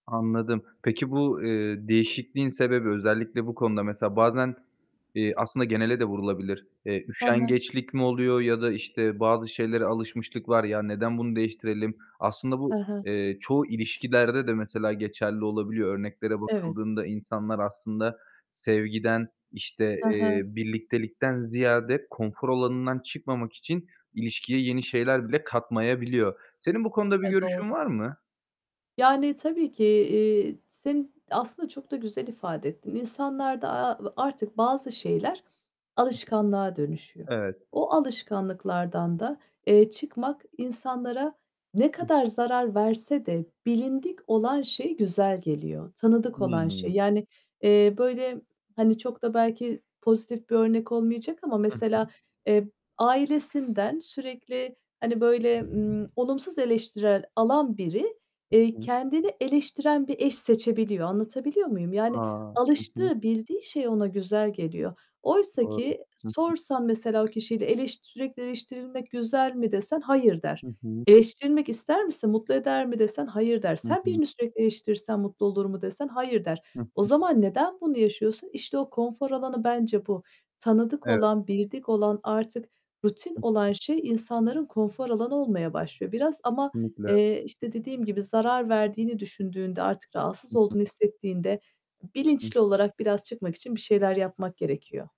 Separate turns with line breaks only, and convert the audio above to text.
Anladım. Peki, bu, eee, değişikliğin sebebi, özellikle bu konuda mesela bazen, eee, aslında genele de vurulabilir. Eee,
Hı hı.
üşengeçlik mi oluyor ya da, işte, bazı şeylere alışmışlık var. Ya, neden bunu değiştirelim? Aslında bu,
Hı hı.
eee, çoğu ilişkilerde de mesela geçerli olabiliyor. Örneklere
Evet.
bakıldığında insanlar aslında sevgiden, işte,
Hı hı.
eee, birliktelikten ziyade konfor alanından çıkmamak için ilişkiye yeni şeyler bile katmayabiliyor. Senin bu konuda bir
E,
görüşün
doğru.
var mı?
Yani, tabii ki. Eee, seni aslında çok da güzel ifade ettin. İnsanlarda, a a artık bazı şeyler
Hı hı.
alışkanlığa dönüşüyor.
Evet.
O alışkanlıklardan da, eee, çıkmak insanlara ne
Hı
kadar
hı.
zarar verse de bilindik olan şey güzel geliyor, tanıdık olan şey.
Hıı.
Yani, eee, böyle, hani, çok da belki pozitif bir örnek olmayacak ama
Hı hı.
mesela, eee, ailesinden sürekli, hani, böyle, ımm, olumsuz eleştirel alan biri,
Hı
eee,
hı.
kendini eleştiren bir eş seçebiliyor. Anlatabiliyor muyum?
A!
Yani
Hı hı.
alıştığı, bildiği şey ona güzel geliyor. Oysa
Doğru.
ki
Hı hı.
sorsan mesela o kişiyle eleş "Sürekli eleştirilmek güzel mi?" desen "Hayır." der.
Hı hı.
"Eleştirilmek ister misin, mutlu eder mi?" desen "Hayır" der.
Hı
Sen
hı.
birini sürekli eleştirirsen mutlu olur mu desen "Hayır" der.
Hı
O
hı.
zaman neden bunu yaşıyorsun? İşte o konfor alanı bence bu. Tanıdık
Evet.
olan, bildik olan, artık rutin
Hı
olan
hı.
şey insanların konfor alanı olmaya başlıyor. Biraz ama,
Kesinlikle.
eee, işte, dediğim gibi zarar verdiğini düşündüğünde, artık rahatsız
Hı
olduğunu
hı.
hissettiğinde
Hı.
bilinçli olarak biraz çıkmak için bir şeyler yapmak gerekiyor.